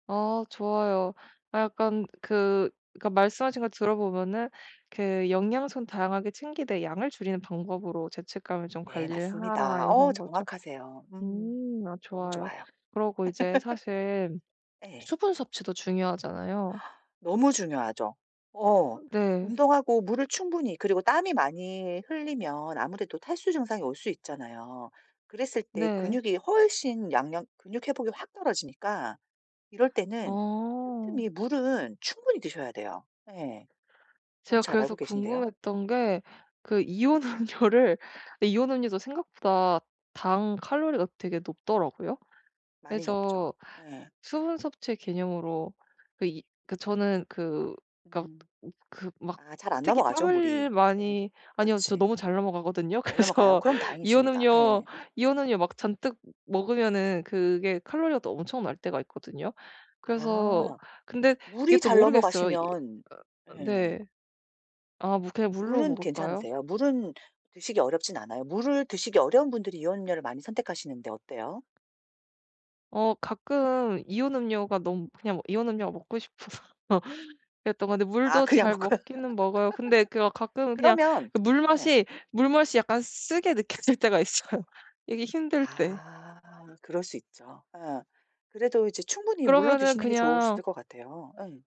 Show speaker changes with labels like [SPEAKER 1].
[SPEAKER 1] 어 좋아요. 아 약간 그 그러니까 말씀하신 거 들어보면은 그 "영양소는 다양하게 챙기되 양을 줄이는 방법으로 죄책감을 좀
[SPEAKER 2] 네
[SPEAKER 1] 관리를 하라."
[SPEAKER 2] 맞습니다. 어
[SPEAKER 1] 이런 거죠.
[SPEAKER 2] 정확하세요 음.
[SPEAKER 1] 음 아
[SPEAKER 2] 너무
[SPEAKER 1] 좋아요.
[SPEAKER 2] 좋아요.
[SPEAKER 1] 그러고 이제 사실
[SPEAKER 2] 예.
[SPEAKER 1] 수분 섭취도 중요하잖아요.
[SPEAKER 2] 너무 중요하죠. 어.
[SPEAKER 1] 어 네.
[SPEAKER 2] 운동하고 물을 충분히 그리고 땀이 많이 흘리면 아무래도 탈수 증상이 올 수 있잖아요. 그랬을 때
[SPEAKER 1] 네.
[SPEAKER 2] 근육이 훨씬 양력 근육 회복이 확 떨어지니까 이럴 때는
[SPEAKER 1] 어.
[SPEAKER 2] 틈틈이 물은 충분히 드셔야 돼요. 예. 너무
[SPEAKER 1] 제가
[SPEAKER 2] 잘
[SPEAKER 1] 그래서
[SPEAKER 2] 알고 계신데요?
[SPEAKER 1] 궁금했던 게 그 이온음료를 네 이온 음료도 생각보다 당 칼로리가 되게 높더라고요.
[SPEAKER 2] 많이 높죠.
[SPEAKER 1] 그래서
[SPEAKER 2] 예.
[SPEAKER 1] 수분 섭취의 개념으로 그 이 그 저는 그 그러니까
[SPEAKER 2] 음.
[SPEAKER 1] 으 그 막
[SPEAKER 2] 아 잘 안
[SPEAKER 1] 특히
[SPEAKER 2] 넘어가죠
[SPEAKER 1] 땀을
[SPEAKER 2] 물이. 예.
[SPEAKER 1] 많이 아니요. 저
[SPEAKER 2] 그렇지.
[SPEAKER 1] 너무 잘 넘어가거든요.
[SPEAKER 2] 잘 넘어가요?
[SPEAKER 1] 그래서
[SPEAKER 2] 그럼 다행이십니다.
[SPEAKER 1] 이온음료
[SPEAKER 2] 예예.
[SPEAKER 1] 이온음료 막 잔뜩 먹으면은 그게 칼로리가 또 엄청날 때가 있거든요. 그래서
[SPEAKER 2] 아.
[SPEAKER 1] 근데 이게
[SPEAKER 2] 물이
[SPEAKER 1] 또
[SPEAKER 2] 잘
[SPEAKER 1] 모르겠어요. 이
[SPEAKER 2] 넘어가시면
[SPEAKER 1] 아 아 네.
[SPEAKER 2] 예.
[SPEAKER 1] 아 뭐 그냥 물로
[SPEAKER 2] 물은
[SPEAKER 1] 먹을까요?
[SPEAKER 2] 괜찮으세요? 물은 드시기 어렵진 않아요? 물을 드시기 어려운 분들이 이온음료를 많이 선택하시는데 어때요?
[SPEAKER 1] 어 가끔 이온음료가 너무 그냥 이온음료가 먹고 싶어서 그랬던 건데
[SPEAKER 2] 아
[SPEAKER 1] 물도
[SPEAKER 2] 그냥
[SPEAKER 1] 잘
[SPEAKER 2] 먹고요.
[SPEAKER 1] 먹기는 먹어요. 근데 그 막 가끔은 그냥
[SPEAKER 2] 그러면
[SPEAKER 1] 그
[SPEAKER 2] 예.
[SPEAKER 1] 물맛이 물맛이 약간 쓰게 느껴질 때가 있어요, 이게 힘들 때.
[SPEAKER 2] 아 그럴 수 있죠. 예. 그래도 이제 충분히 물로
[SPEAKER 1] 그러면은
[SPEAKER 2] 드시는 게 좋으실
[SPEAKER 1] 그냥
[SPEAKER 2] 것 같아요. 예.